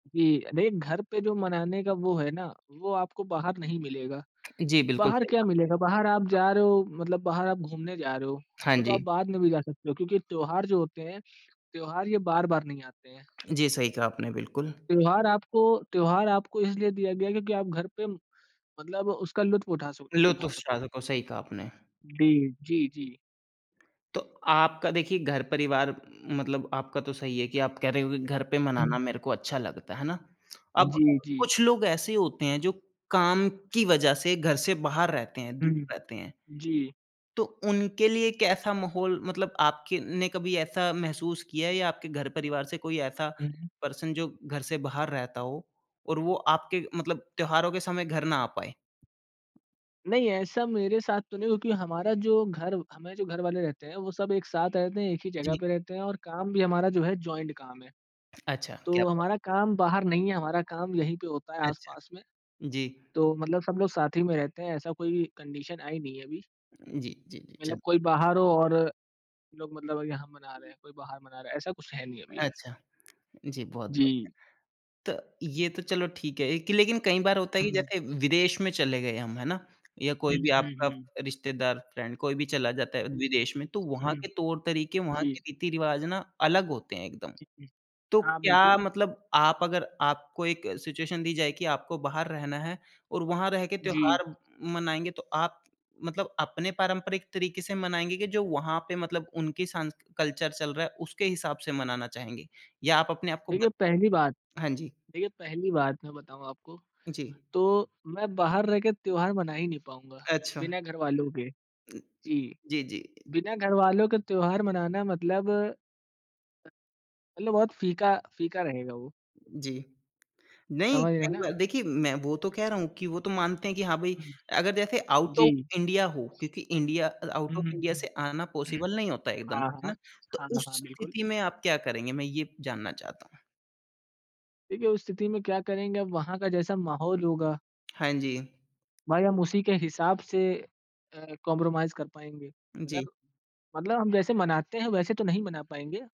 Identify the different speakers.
Speaker 1: जी, देख, घर पे जो मनाने का वो है ना, वो आपको बाहर नहीं मिलेगा।
Speaker 2: जी, बिल्कुल,
Speaker 1: बाहर
Speaker 2: सही
Speaker 1: क्या
Speaker 2: कहा।
Speaker 1: मिलेगा बाहर आप जा रहे हो मतलब बाहर आप घूमने जा रहे हो,
Speaker 2: हाँ
Speaker 1: वो तो आप
Speaker 2: जी।
Speaker 1: बाद में भी जा सकते हो, क्योंकि त्योहार जो होते हैं, त्योहार ये बार-बार नहीं आते हैं।
Speaker 2: जी, सही कहा आपने, बिल्कुल।
Speaker 1: त्योहार आपको त्योहार आपको इसलिए दिया गया है, क्योंकि आप घर पे मतलब उसका लुत्फ उठा सक
Speaker 2: लुत्फ
Speaker 1: उठा
Speaker 2: उफ़्स ठा
Speaker 1: सको।
Speaker 2: सको, सही कहा आपने।
Speaker 1: डी जी, जी।
Speaker 2: तो, आपका देखिए घर परिवार मतलब आपका तो सही है कि आप कह रहे हो कि घर पे मनाना
Speaker 1: हुँ।
Speaker 2: मेरे को अच्छा लगता है, है ना? अब
Speaker 1: जी, जी।
Speaker 2: कुछ लोग ऐसे होते हैं जो काम की वज़ह से घर से बाहर रहते हैं,
Speaker 1: हुँ,
Speaker 2: दूर
Speaker 1: हुँ।
Speaker 2: रहते हैं।
Speaker 1: जी।
Speaker 2: तो उनके लिए कैसा माहौल मतलब आपके ने कभी ऐसा महसूस किया है या आपके घर परिवार से कोई ऐसा
Speaker 1: हुँ।
Speaker 2: पर्सन जो घर से बाहर रहता हो और वो आपके मतलब त्योहारों के समय घर ना आ पाए?
Speaker 1: नहीं, ऐसा मेरे साथ तो नहीं हुआ, क्योंकि हमारा जो घर हमारे जो घर वाले रहते हैं, वो सब एक साथ रहते हैं, एक ही जगह
Speaker 2: जी।
Speaker 1: पे रहते हैं और काम भी हमारा जो है जॉइंट काम है।
Speaker 2: अच्छा, क्या
Speaker 1: तो
Speaker 2: बात।
Speaker 1: हमारा काम बाहर नहीं है, हमारा काम यहीं पे होता है
Speaker 2: अच्छा,
Speaker 1: आस-पास में,
Speaker 2: जी।
Speaker 1: तो मतलब सब लोग साथ ही में रहते हैं ऐसा कोई कंडीशन आई नहीं है अभी।
Speaker 2: जी, जी, जी,
Speaker 1: मतलब
Speaker 2: चल
Speaker 1: कोई बाहर हो और लोग मतलब यहाँ मना रहे हैं, कोई बाहर मना रहा है, ऐसा कुछ है नहीं अभी।
Speaker 2: अच्छा, जी बहुत
Speaker 1: जी।
Speaker 2: बढ़िया। तो, ये तो चलो ठीक है ए कि लेकिन कई बार होता है कि
Speaker 1: हुँ।
Speaker 2: जैसे विदेश में चले गए हम, है ना? या कोई
Speaker 1: हुँ,
Speaker 2: भी
Speaker 1: हुँ,
Speaker 2: आपका
Speaker 1: हुँ।
Speaker 2: रिश्तेदार, फ्रेंड कोई भी चला जाता है,
Speaker 1: हुँ।
Speaker 2: विदेश में तो वहाँ
Speaker 1: हुँ।
Speaker 2: के तौर-तरीक़े, वहाँ
Speaker 1: जी।
Speaker 2: के रीति-रिवाज ना अलग होते हैं एकदम।
Speaker 1: हुँ।
Speaker 2: तो
Speaker 1: हाँ,
Speaker 2: क्या
Speaker 1: बिल्कुल।
Speaker 2: मतलब आप अगर आपको एक सिचुएशन दी जाए कि आपको बाहर रहना है और वहाँ रह के
Speaker 1: जी।
Speaker 2: त्योहार मनाएँगे, तो आप मतलब अपने पारंपरिक तरीक़े से मनाएँगे कि जो वहाँ पे मतलब उनकी सांस्क कल्चर चल रहा है, उसके हिसाब से मनाना चाहेंगे? या आप अपने आपको
Speaker 1: देखिए
Speaker 2: बत
Speaker 1: पहली बात
Speaker 2: हाँ जी।
Speaker 1: देखिए पहली बात मैं बताऊँ आपको,
Speaker 2: जी।
Speaker 1: तो मैं बाहर रह के त्योहार मना ही नहीं पाऊँगा,
Speaker 2: अच्छा।
Speaker 1: बिना घरवालों के,
Speaker 2: उ,
Speaker 1: जी।
Speaker 2: जी, जी।
Speaker 1: बिना घरवालों के त्योहार मनाना मतलब मतलब बहुत फीका फीका रहेगा वो।
Speaker 2: जी, नहीं
Speaker 1: समझ रहे हैं
Speaker 2: कई
Speaker 1: ना
Speaker 2: बार
Speaker 1: आप?
Speaker 2: देखिए मैं वो तो कह रहा हूँ कि वो तो मानते हैं कि हाँ, भई
Speaker 1: हुँ।
Speaker 2: अगर जैसे आउट
Speaker 1: जी।
Speaker 2: ऑफ इंडिया हो, क्योंकि India out
Speaker 1: hmm,
Speaker 2: of
Speaker 1: hmm,
Speaker 2: India से आना
Speaker 1: हुँ।
Speaker 2: पॉसिबल नहीं होता है एकदम है
Speaker 1: हाँ, हाँ।
Speaker 2: ना? तो
Speaker 1: हाँ,
Speaker 2: उस
Speaker 1: हाँ, बिल्कुल।
Speaker 2: स्थिति में आप क्या करेंगे मैं ये जानना चाहता हूँ।
Speaker 1: देखिए, उस स्थिति में क्या करेंगे, अब वहाँ का जैसा माहौल होगा
Speaker 2: हाँ जी।
Speaker 1: भाई हम उसी के हिसाब से अ, कॉम्प्रोमाइज़ कर पाएँगे। अगर
Speaker 2: जी।
Speaker 1: मतलब हम जैसे मनाते हैं वैसे तो नहीं मना पाएँगे।